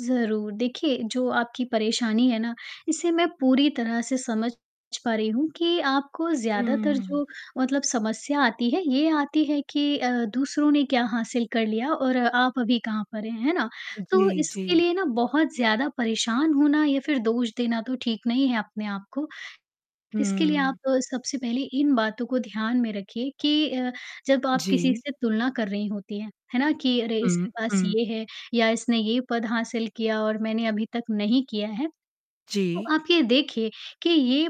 ज़रूर, देखिए, जो आपकी परेशानी है ना, इसे मैं पूरी तरह से समझ च पा रही हूँ कि आपको उ ज़्यादातर जो मतलब समस्या आती है, ये आती है कि अ, दूसरों ने क्या हासिल कर लिया और आप अभी कहाँ पर हैं, है ना? उ, जी, तो जी। इसके लिए ना बहुत ज़्यादा परेशान होना या फिर दोष देना तो ठीक नहीं है अपने आप को। इसके लिए आप हुँ। सबसे पहले इन बातों को ध्यान में रखिए कि अ, जब आप किसी जी। से तुलना कर रही होती हैं, है ना, कि अरे इसके हुँ, पास हुँ। ये है या इसने ये पद हासिल किया और मैंने अभी तक नहीं किया है। तो जी। आप ये देखिए, कि ये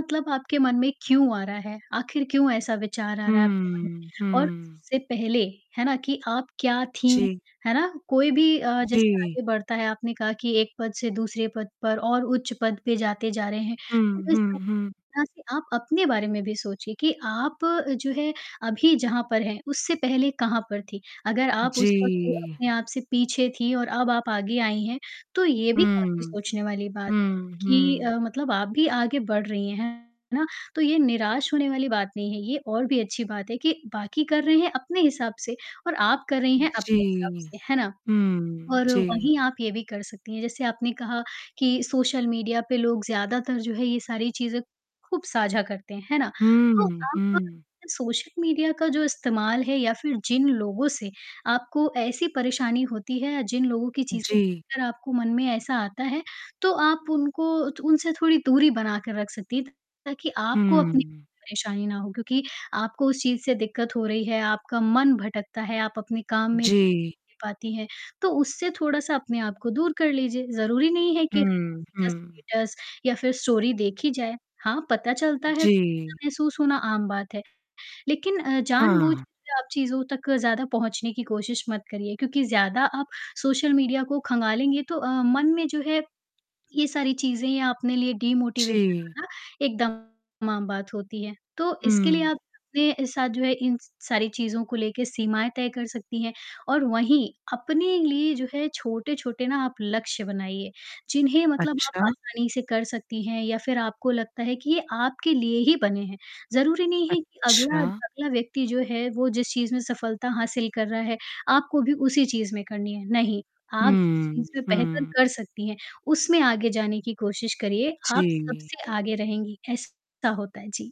मतलब आपके मन में क्यों आ रहा है, आखिर क्यों ऐसा विचार आ रहा है आपके मन हुँ, में, और हुँ। उससे पहले, है ना, कि आप क्या थीं, जी। है ना, कोई भी अ, जैसे जी। आगे बढ़ता है, आपने कहा कि एक पद से दूसरे पद पर और उच्च पद पर जाते जा रहे हैं, हुँ, तो इस हुँ, हुँ। तरह से आप अपने बारे में भी सोचिए कि आप जो है अभी जहाँ पर हैं, उससे पहले कहाँ पर थी। अगर आप उस वक़्त जी। अपने आप से पीछे थी और अब आप आगे आई हैं, तो ये भी काफ़ी हुँ, सोचने वाली बात है हुँ, कि अ, हुँ। मतलब आप भी आगे बढ़ रही हैं, है ना? तो ये निराश होने वाली बात नहीं है। ये और भी अच्छी बात है कि बाकी कर रहे हैं अपने हिसाब से और आप कर रही हैं अपने हिसाब जी। से, है ना? हुँ, और जी। वहीं आप ये भी कर सकती हैं जैसे आपने कहा कि सोशल मीडिया पे लोग ज़्यादातर जो है ये सारी चीज़ें खूब साझा करते हैं, है ना? तो हुँ, आप हुँ। सोशल मीडिया का जो इस्तेमाल है या फिर जिन लोगों से आपको ऐसी परेशानी होती है या जिन लोगों की चीज़ें जी। देखकर आपको मन में ऐसा आता है, तो आप उनको तो उनसे थोड़ी दूरी बनाकर रख सकती हैं ताकि आपको अपनी हुँ। परेशानी ना हो, क्योंकि आपको उस चीज़ से दिक्कत हो रही है, आपका मन भटकता है, आप अपने काम में ध्यान जी। नहीं कर पाती है, तो उससे थोड़ा-सा अपने आप को दूर कर लीजिए। ज़रूरी नहीं है कि हुँ, हुँ। स्टेटस-वेटस या फिर स्टोरी देखी जाए, हाँ, पता चलता है, ऐसा जी। महसूस होना आम बात है। लेकिन अ, हाँ। जानबूझकर आप चीज़ों तक ज़्यादा पहुँचने की कोशिश मत करिए, क्योंकि ज़्यादा आप सोशल मीडिया को खंगालेंगे तो अ, मन में जो है, ये सारी चीज़ें या अपने लिए डिमोटिवेशन जी। होना एकदम आम बात होती है। तो इसके लिए हुँ। आप अपने साथ जो है इन स सारी चीज़ों को लेके सीमाएँ तय कर सकती हैं और वहीं अपने लिए जो है छोटे-छोटे ना आप लक्ष्य बनाइए, जिन्हें मतलब आप अच्छा। आसानी से कर सकती हैं या फिर आपको लगता है कि ये आपके लिए ही बने हैं। ज़रूरी नहीं है कि अगला अच्छा। अगला व्यक्ति जो है वो जिस चीज़ में सफलता हासिल कर रहा है, आपको भी उसी चीज़ में करनी है। नहीं, आप जिस हुँ, चीज़ में बेहतर हुँ। कर सकती हैं, उसमें आगे जाने की कोशिश करिए, आप जी। सबसे आगे रहेंगी, ऐसा होता है। जी।